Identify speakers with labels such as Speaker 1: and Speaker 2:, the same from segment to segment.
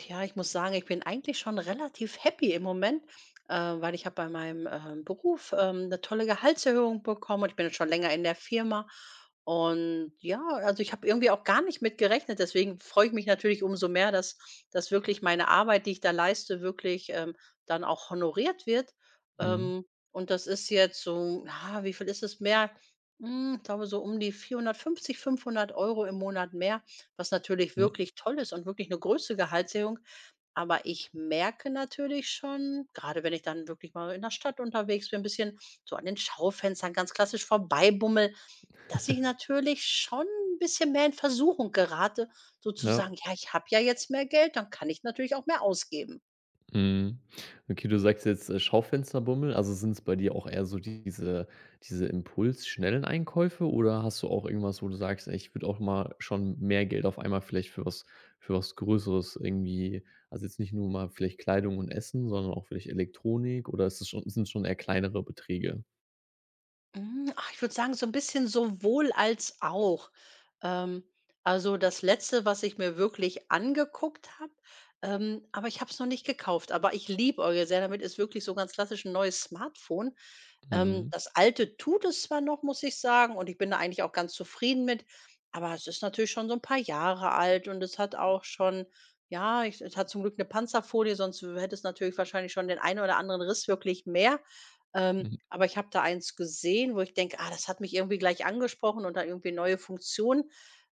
Speaker 1: Tja, ich muss sagen ich bin eigentlich schon relativ happy im Moment, äh, weil ich habe bei meinem, ähm, Beruf, ähm, 'ne tolle Gehaltserhöhung bekommen. Und ich bin jetzt schon länger in der Firma, und, ja, also ich habe irgendwie auch gar nicht mitgerechnet. Deswegen freue ich mich natürlich umso mehr, dass dass wirklich meine Arbeit, die ich da leiste wirklich, ähm, dann auch honoriert wird.
Speaker 2: Mhm.
Speaker 1: Ähm, und das ist jetzt so na, wie viel ist es mehr? Hm, ich glaube so um die 450, 500 Euro im Monat mehr, was natürlich
Speaker 2: Mhm.
Speaker 1: wirklich toll ist und wirklich 'ne große Gehaltserhöhung. Aber ich merke natürlich schon, gerade wenn ich dann wirklich mal in der Stadt unterwegs bin, bisschen so an den Schaufenstern ganz klassisch vorbei bummle, dass ich natürlich schon 'n bisschen mehr in Versuchung gerate, so zu
Speaker 2: Ja.
Speaker 1: sagen: „Ja, ich habe ja jetzt mehr Geld, dann kann ich natürlich auch mehr ausgeben.“
Speaker 2: Mhm. Okay, du sagst jetzt, äh, Schaufensterbummel. Also, sind's bei dir auch eher so diese diese Impuls schnellen Einkäufe oder hast du auch irgendwas, wo du sagst: „Ey, ich würde auch mal schon mehr Geld auf einmal vielleicht für was für was Größeres irgendwie also jetzt nicht nur mal vielleicht Kleidung und Essen, sondern auch vielleicht Elektronik oder ist das schon sind das schon eher kleinere Beträge?
Speaker 1: Hm, ach, ich würde sagen, so 'n bisschen sowohl als auch. Ähm, also das letzte was ich mir wirklich angeguckt habe ähm, aber ich habe es noch nicht gekauft, aber ich liebäugele sehr damit ist wirklich so ganz klassisch n' neues Smartphone. Ähm,
Speaker 2: Mhm.
Speaker 1: das alte tut es zwar noch, muss ich sagen, und ich bin da eigentlich auch ganz zufrieden mit, aber es ist natürlich schon so n' paar Jahre alt und es hat auch schon ja ich es hat zum Glück 'ne Panzerfolie sonst w hätte es natürlich wahrscheinlich schon den ein oder anderen Riss wirklich mehr. Ähm, aber ich habe da eines gesehen wo ich denke: „Ah, das hat mich irgendwie gleich angesprochen“ und da irgendwie neue Funktionen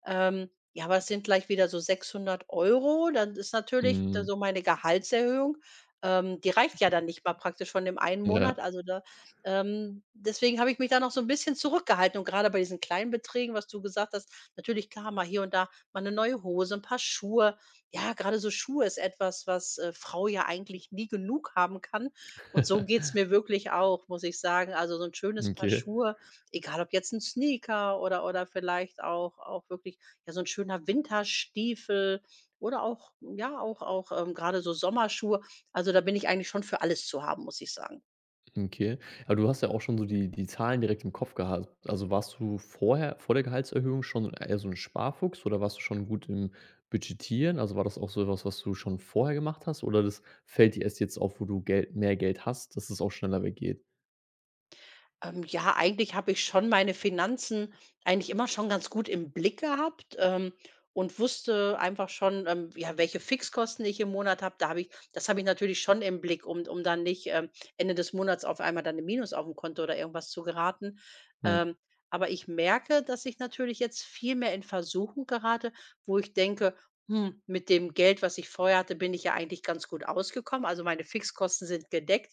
Speaker 1: ähm, ja aber es sind gleich wieder so 600 € Euro. Dann ist natürlich da
Speaker 2: Mhm.
Speaker 1: so meine Gehaltserhöhung ähm, die reicht ja dann nicht mal praktisch von dem ein Monat,
Speaker 2: Ja.
Speaker 1: also, ne? Ähm, deswegen habe ich mich da noch so n' bisschen zurückgehalten. Und grade bei diesen kleinen Beträgen was du gesagt hast natürlich, klar, mal hier und da mal 'ne neue Hose, 'n Paar Schuhe. Ja, grade so Schuhe ist etwas, was, äh, Frau ja eigentlich nie genug haben kann. Und so geht's mir wirklich auch, muss ich sagen. Also so 'n
Speaker 2: M
Speaker 1: schönes Paar
Speaker 2: Okay.
Speaker 1: Schuhe, egal ob jetzt 'n Sneaker oder oder vielleicht auch auch wirklich ja so 'n schöner Winterstiefel oder auch ja auch auch, ähm, grade so Sommerschuhe. Also, da bin ich eigentlich schon für alles zu haben, muss ich sagen.
Speaker 2: Okay. Aber du hast ja auch schon so die die Zahlen direkt im Kopf gehabt. Also warst du vorher vor der Gehaltserhöhung schon eher so 'n Sparfuchs oder warst du schon gut im Budgetieren? Also war das auch so was, was du schon vorher gemacht hast oder das fällt dir erst jetzt auf, wo du Gel mehr Geld hast, dass es auch schneller weggeht?
Speaker 1: Ähm, ja eigentlich habe ich schon meine Finanzen eigentlich immer schon ganz gut im Blick gehabt, ähm, und wusste einfach schon, ähm, ja welche Fixkosten ich im Monat habe da habe ich das habe ich natürlich schon im Blick um d um dann nicht, ähm, Ende des Monats auf einmal dann im Minus aufm Konto oder irgendwas zu geraten.
Speaker 2: Hm.
Speaker 1: Ähm, aber ich merke, dass ich natürlich jetzt viel mehr in Versuchung gerate, wo ich denke: „Hm, mit dem Geld, was ich vorher hatte, bin ich ja eigentlich ganz gut ausgekommen, also meine Fixkosten sind gedeckt.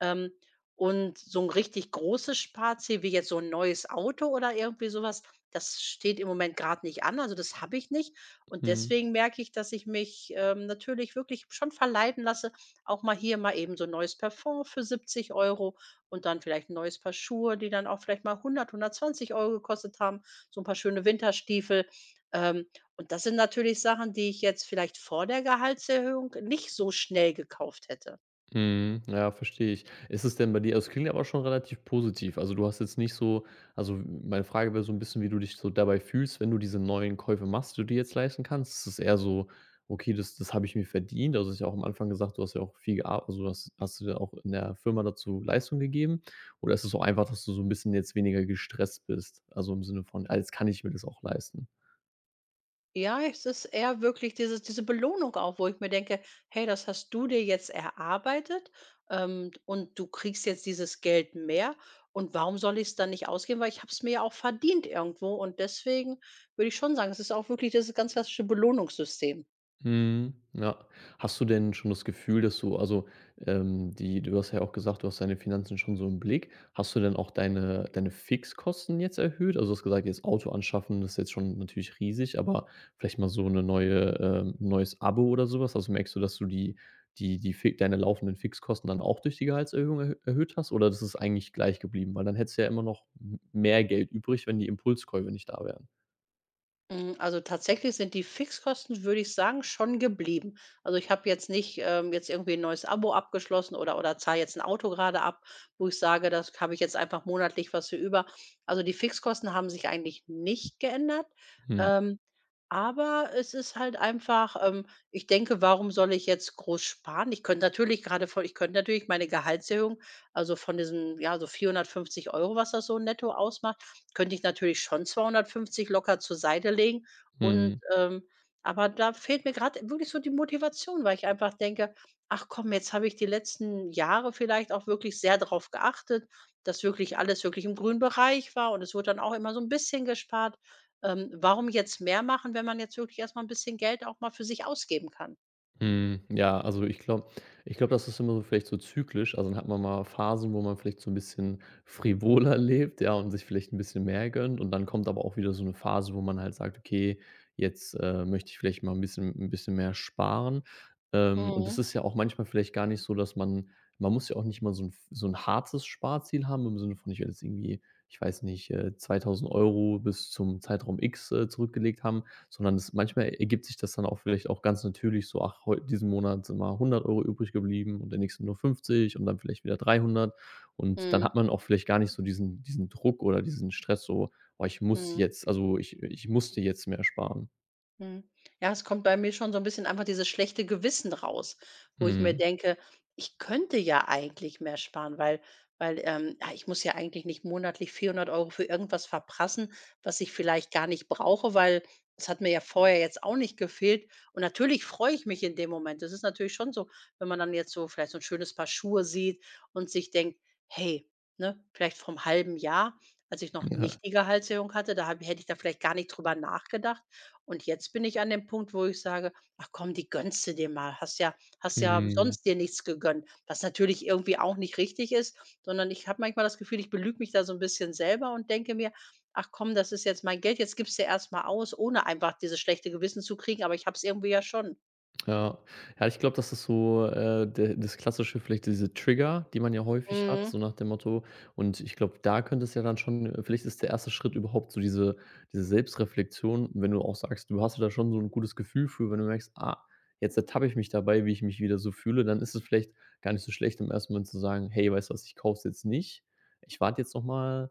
Speaker 1: Ähm, und so 'n richtig großes Sparziel wie jetzt so 'n neues Auto oder irgendwie sowas, das steht im Moment grad nicht an, also das habe ich nicht.“ Und
Speaker 2: Mhm.
Speaker 1: deswegen merke ich, dass ich mich, ähm, natürlich wirklich schon verleiten lasse, auch mal hier mal eben so 'n neues Parfum für 70 € und dann vielleicht 'n neues Paar Schuhe, die dann auch vielleicht mal 100 € 120 € gekostet haben, so 'n paar schöne Winterstiefel. Ähm, und das sind natürlich Sachen, die ich jetzt vielleicht vor der Gehaltserhöhung nicht so schnell gekauft hätte.
Speaker 2: Mhm, ja, verstehe ich. Ist es denn bei dir also, es klingt ja auch schon relativ positiv. Also, du hast jetzt nicht so also, m meine Frage wär so 'n bisschen, wie du dich so dabei fühlst, wenn du diese neuen Käufe machst, die du dir jetzt leisten kannst. Ist das eher so: „Okay, das das habe ich mir verdient." Also, du hast ja auch am Anfang gesagt, du hast ja auch viel gear also du hast hast du da auch in der Firma dazu Leistung gegeben? Oder ist es auch einfach, dass du so 'n bisschen jetzt weniger gestresst bist, also im Sinne von: „Ah, jetzt kann ich mir das auch leisten,"
Speaker 1: Ja, es ist eher wirklich diese diese Belohnung auch, wo ich mir denke: „Hey, das hast du dir jetzt erarbeitet, ähm, und du kriegst jetzt dieses Geld mehr und warum soll ich's dann nicht ausgeben, weil ich habe es mir ja auch verdient irgendwo.“ Und deswegen würde ich schon sagen, es ist auch wirklich dieses ganz klassische Belohnungssystem.
Speaker 2: Mhm. Ja. Hast du denn schon das Gefühl, dass du also, ähm, die du hast ja auch gesagt, du hast deine Finanzen schon so im Blick. Hast du denn auch deine deine Fixkosten jetzt erhöht? Also, du hast gesagt, jetzt Auto anschaffen ist jetzt schon natürlich riesig, aber vielleicht mal so 'ne neue ähm, 'n neues Abo oder so was. Also merkst du, dass du die die die Fix deine laufenden Fixkosten dann auch durch die Gehaltserhöhung er erhöht hast oder das ist eigentlich gleich geblieben, weil dann hättest du ja immer noch m mehr Geld übrig, wenn die Impulskäufe nicht da wären.
Speaker 1: Mhm. Also tatsächlich sind die Fixkosten, würde ich sagen, schon geblieben. Also ich habe jetzt nicht, ähm, jetzt irgendwie 'n neues Abo abgeschlossen oder oder zahle jetzt 'n Auto gerade ab, wo ich sage, das habe ich jetzt einfach monatlich was für über. Also die Fixkosten haben sich eigentlich nicht geändert.
Speaker 2: Hm.
Speaker 1: Ähm, aber es ist halt einfach, ähm, ich denke: „Warum soll ich jetzt groß sparen?“ Ich könnte natürlich gerade voll ich könnte natürlich meine Gehaltserhöhung, also von diesen, ja, so 450 €, was das so netto ausmacht, könnte ich natürlich schon 250 locker zur Seite legen. Und,
Speaker 2: Mhm.
Speaker 1: ähm, aber da fehlt mir gerad wirklich so die Motivation, weil ich einfach denke: „Ach komm, jetzt habe ich die letzten Jahre vielleicht auch wirklich sehr drauf geachtet, dass wirklich alles wirklich im grünen Bereich war und es wurde dann auch immer so 'n bisschen gespart. Ähm, warum jetzt mehr machen, wenn man jetzt wirklich erst mal 'n bisschen Geld auch mal für sich ausgeben kann?“
Speaker 2: Mhm. Ja, also ich glaube ich glaube, das ist immer so vielleicht so zyklisch. Also dann hat man mal Phasen, wo man vielleicht so 'n bisschen frivoler lebt, ja und sich vielleicht 'n bisschen mehr gönnt. Und dann kommt aber auch wieder so 'ne Phase, wo man halt sagt: „Okay, jetzt, äh, möchte ich vielleicht mal 'n bisschen 'n bisschen mehr sparen“. Ähm. Und das
Speaker 1: Mhm.
Speaker 2: ist ja auch manchmal vielleicht gar nicht so, dass man man muss ja auch nicht mal so 'n so 'n hartes Sparziel haben im Sinne von ich werde jetzt irgendwie, ich weiß nicht, äh, 2.000 € bis zum Zeitraum X, äh, zurückgelegt haben, sondern das manchmal ergibt sich das dann auch vielleicht auch ganz natürlich so, ach, heu diesen Monat sind mal 100 € übrig geblieben und im nächsten nur 50 und dann vielleicht wieder 300. Und dann
Speaker 1: Mhm.
Speaker 2: hat man auch vielleicht gar nicht so diesen diesen Druck oder diesen Stress so: „Oh, ich muss
Speaker 1: Mhm.
Speaker 2: jetzt, also ich ich musste jetzt mehr sparen“.
Speaker 1: Mhm. Ja es kommt bei mir schon so 'n bisschen einfach dieses schlechte Gewissen raus, wo ich mir
Speaker 2: Mhm.
Speaker 1: denke, ich könnte ja eigentlich mehr sparen, weil weil, ähm, ja ich muss ja eigentlich nicht monatlich 400 Euro für irgendwas verprassen, was ich vielleicht gar nicht brauche, weil es hat mir ja vorher jetzt auch nicht gefehlt und natürlich freue ich mich in dem Moment. Das ist natürlich schon so, wenn man dann jetzt so vielleicht so 'n schönes Paar Schuhe sieht und sich denkt: „Hey“, ne? Vielleicht vorm halben Jahr, als ich noch
Speaker 2: Mhm, ja.
Speaker 1: nicht die Gehaltserhöhung hatte, da hab hätte ich da vielleicht gar nicht drüber nachgedacht und jetzt bin ich an dem Punkt, wo ich sage: „Ach, komm, die gönnste dir mal. Hast ja hast ja
Speaker 2: Mhm.
Speaker 1: sonst dir nichts gegönnt“, was natürlich irgendwie auch nicht richtig ist, sondern ich habe manchmal das Gefühl, ich belüge mich da so 'n bisschen selber und denke mir: „Ach komm, das ist jetzt mein Geld, jetzt gibste erst mal aus“, ohne einfach dieses schlechte Gewissen zu kriegen, aber ich hab's irgendwie ja schon.
Speaker 2: Ja. Ja, ich glaube, das ist so, äh, de das Klassische vielleicht, diese Trigger, die man ja häufig hat,
Speaker 1: Mhm.
Speaker 2: so nach dem Motto und ich glaube, da könnte es ja dann schon äh, vielleicht ist der erste Schritt überhaupt so diese diese Selbstreflexion, wenn du auch sagst, du hast da schon so 'n gutes Gefühl für, wenn du merkst: „Ah, jetzt ertappe ich mich dabei, wie ich mich wieder so fühle“, dann ist es vielleicht gar nicht so schlecht, im ersten Moment zu sagen: „Hey, weißt du was? Ich kauf's jetzt nicht. Ich warte jetzt noch mal“,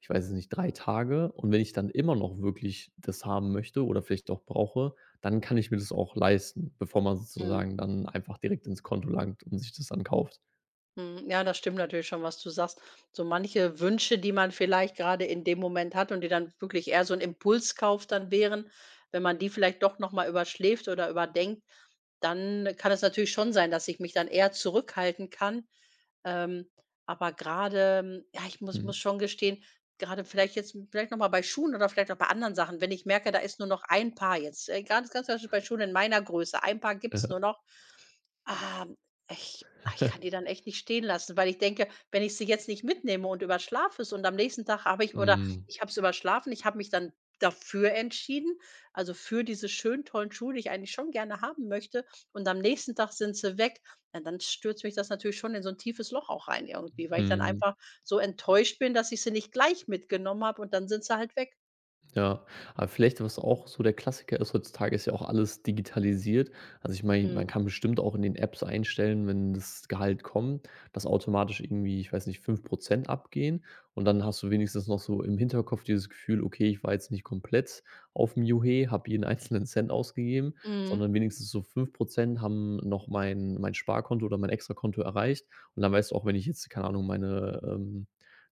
Speaker 2: ich weiß es nicht, „3 Tage und, wenn ich dann immer noch wirklich das haben möchte oder vielleicht doch brauche, dann kann ich mir das auch leisten“, bevor man
Speaker 1: Mhm.
Speaker 2: sozusagen dann einfach direkt ins Konto langt und sich das dann kauft.
Speaker 1: Hm. Ja das stimmt natürlich schon, was du sagst. So manche Wünsche, die man vielleicht grade in dem Moment hat und die dann wirklich eher so 'n Impulskauf dann wären wenn man die vielleicht doch noch mal überschläft oder überdenkt, dann kann es natürlich schon sein, dass ich mich dann eher zurückhalten kann. Ähm. Aber grade, ja, ich muss muss
Speaker 2: Mhm.
Speaker 1: schon gestehen, gerade vielleicht jetzt vielleicht noch mal bei Schuhen oder vielleicht noch bei anderen Sachen, wenn ich merke, da ist nur noch ein Paar jetzt ganz ganz klassisch bei Schulen in meiner Größe ein Paar gibt's nur
Speaker 2: Ja.
Speaker 1: noch, ah, ich, ah, ich kann die dann echt nicht stehen lassen, weil ich denke, wenn ich sie jetzt nicht mitnehme und überschlafe es und am nächsten Tag habe ich oder
Speaker 2: Hm.
Speaker 1: ich habe es überschlafen, ich habe mich dann dafür entschieden, also für diese schönen tollen Schuhe, die ich eigentlich schon gerne haben möchte, und am nächsten Tag sind sie weg. Ja, dann stürzt mich das natürlich schon in so 'n tiefes Loch auch rein irgendwie, weil ich dann
Speaker 2: Mhm.
Speaker 1: einfach so enttäuscht bin, dass ich sie nicht gleich mitgenommen habe, und dann sind sie halt weg.
Speaker 2: Ja, aber vielleicht, was auch so der Klassiker ist heutzutage, ist ja auch alles digitalisiert. Also ich meine, man
Speaker 1: Mhm.
Speaker 2: kann bestimmt auch in den Apps einstellen, wenn das Gehalt kommt, dass automatisch irgendwie, ich weiß nicht, 5 % abgehen. Und dann hast du wenigstens noch so im Hinterkopf dieses Gefühl: „Okay, ich war jetzt nicht komplett aufm Juchhe, habe jeden einzelnen Cent ausgegeben,
Speaker 1: Mhm.
Speaker 2: sondern wenigstens so 5 % haben noch mein mein Sparkonto oder mein Extrakonto erreicht." Und dann weißt du auch, wenn ich jetzt, keine Ahnung, meine ähm,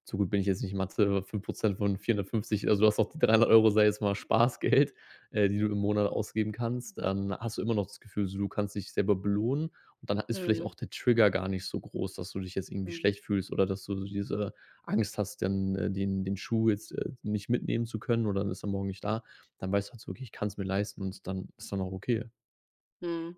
Speaker 2: so gut bin ich jetzt nicht in Mathe, 5 % von 450, also du hast auch 300 € sage ich jetzt mal Spaßgeld, äh, die du im Monat ausgeben kannst. Dann hast du immer noch das Gefühl so, du kannst dich selber belohnen und dann ha ist vielleicht
Speaker 1: Mhm.
Speaker 2: auch der Trigger gar nicht so groß, dass du dich jetzt irgendwie
Speaker 1: Mhm.
Speaker 2: schlecht fühlst oder dass du so diese Angst hast, ähm, den den Schuh jetzt, äh, nicht mitnehmen zu können oder dann ist er morgen nicht da. Dann weißt du halt so wirklich: „Ich kann's mir leisten.", und dann ist dann auch okay.
Speaker 1: Hm.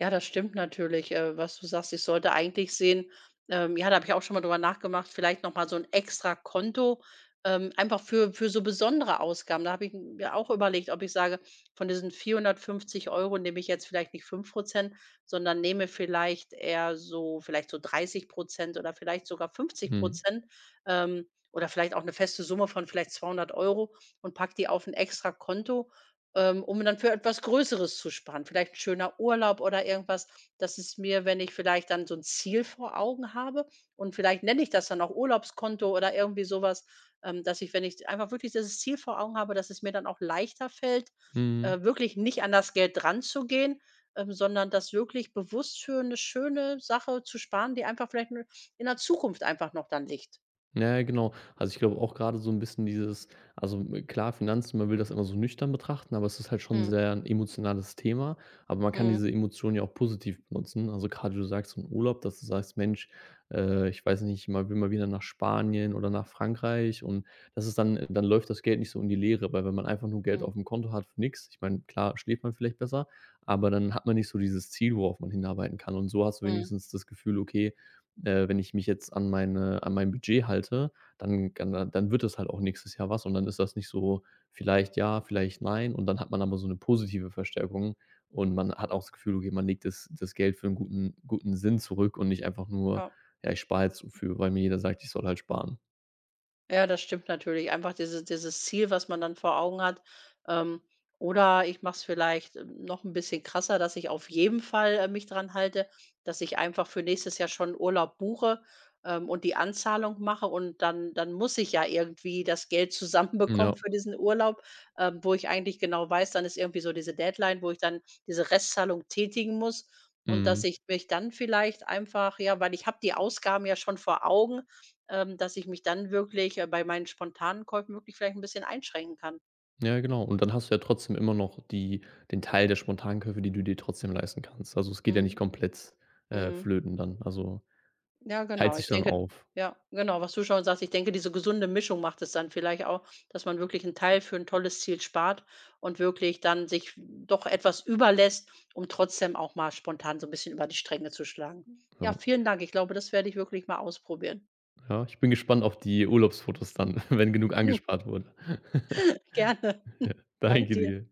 Speaker 1: Ja, das stimmt natürlich, äh, was du sagst. Ich sollte eigentlich sehen ähm, ja, da habe ich auch schon mal drüber nachgemacht vielleicht noch mal so 'n extra Konto, ähm, einfach für für so besondere Ausgaben. Da habe ich mir auch überlegt, ob ich sage, von diesen 450 € nehme ich jetzt vielleicht nicht 5 % sondern nehme vielleicht eher so vielleicht so 30 % oder vielleicht sogar fünfzig
Speaker 2: Mhm.
Speaker 1: Prozent ähm, oder vielleicht auch 'ne feste Summe von vielleicht 200 € und packe die auf 'n extra Konto, ähm, um dann für etwas Größeres zu sparen. Vielleicht schöner Urlaub oder irgendwas, dass es mir, wenn ich vielleicht dann so 'n Ziel vor Augen habe, und vielleicht nenne ich das dann auch Urlaubskonto oder irgendwie sowas, ähm, dass ich, wenn ich einfach wirklich dieses Ziel vor Augen habe, dass es mir dann auch leichter fällt,
Speaker 2: Mhm.
Speaker 1: äh, wirklich nicht an das Geld dranzugehen, ähm, sondern das wirklich bewusst für 'ne schöne Sache zu sparen, die einfach vielleicht nur in der Zukunft einfach noch dann liegt.
Speaker 2: Na ja, genau. Also, ich glaube auch, grade so 'n bisschen dieses also, hm, klar Finanzen, man will das immer so nüchtern betrachten, aber es ist halt schon
Speaker 1: Mhm.
Speaker 2: sehr 'n emotionales Thema, aber man kann
Speaker 1: Mhm.
Speaker 2: diese Emotion ja auch positiv benutzen. Also, grade, wie du sagst, im Urlaub, dass du sagst: „Mensch, äh, ich weiß nicht, man will mal wieder nach Spanien oder nach Frankreich." Und das ist dann dann läuft das Geld nicht so in die Leere, weil, wenn man einfach nur Geld
Speaker 1: Mhm.
Speaker 2: aufm Konto hat, für nix, ich meine, klar schläft man vielleicht besser, aber dann hat man nicht so dieses Ziel, worauf man hinarbeiten kann. Und so hast du
Speaker 1: Mhm.
Speaker 2: wenigstens das Gefühl: „Okay, äh, wenn ich mich jetzt an meine an mein Budget halte, dann kann dann wird das halt auch nächstes Jahr was“ und dann ist das nicht so vielleicht ja, vielleicht nein. Und dann hat man aber so 'ne positive Verstärkung und man hat auch das Gefühl, okay, man legt das das Geld für 'n guten guten Sinn zurück und nicht einfach nur,
Speaker 1: Ja.
Speaker 2: ja, „ich spar jetzt so für, weil mir jeder sagt, ich soll halt sparen“.
Speaker 1: Ja, das stimmt natürlich, einfach diese dieses Ziel, was man dann vor Augen hat. Ähm, oder ich mache es vielleicht noch ‘n bisschen krasser, dass ich auf jeden Fall, äh, mich dran halte, dass ich einfach für nächstes Jahr schon Urlaub buche, ähm, und die Anzahlung mache und dann dann muss ich ja irgendwie das Geld
Speaker 2: Hm, ja.
Speaker 1: zusammenbekommen für diesen Urlaub, ähm, wo ich eigentlich genau weiß, dann ist irgendwie so diese Deadline, wo ich dann diese Restzahlung tätigen muss und dass
Speaker 2: Mhm.
Speaker 1: ich mich dann vielleicht einfach ja weil ich habe die Ausgaben ja schon vor Augen, ähm, dass ich mich dann wirklich, äh, bei meinen spontanen Käufen wirklich vielleicht ‘n bisschen einschränken kann.
Speaker 2: Ja, genau und dann hast du ja trotzdem immer noch die den Teil der spontanen Käufe, die du dir trotzdem leisten kannst. Also, es geht ja nicht
Speaker 1: Mhm.
Speaker 2: komplett, äh,
Speaker 1: Mhm.
Speaker 2: flöten dann, also
Speaker 1: Ja
Speaker 2: teilt
Speaker 1: genau, ich
Speaker 2: sich dann
Speaker 1: denke
Speaker 2: auf.
Speaker 1: ja, genau, was du schon sagst, ich denke, diese gesunde Mischung macht es dann vielleicht auch, dass man wirklich 'n Teil für 'n tolles Ziel spart und wirklich dann sich doch etwas über lässt und trotzdem auch mal spontan so 'n bisschen über die Stränge zu schlagen. Ja,
Speaker 2: Ja.
Speaker 1: vielen Dank. Ich glaube, das werde ich wirklich mal ausprobieren.
Speaker 2: Ja, ich bin gespannt auf die Urlaubsfotos dann, wenn genug angespart wurde.
Speaker 1: Gerne.
Speaker 2: Ja,
Speaker 1: Dank
Speaker 2: danke
Speaker 1: dir.
Speaker 2: dir.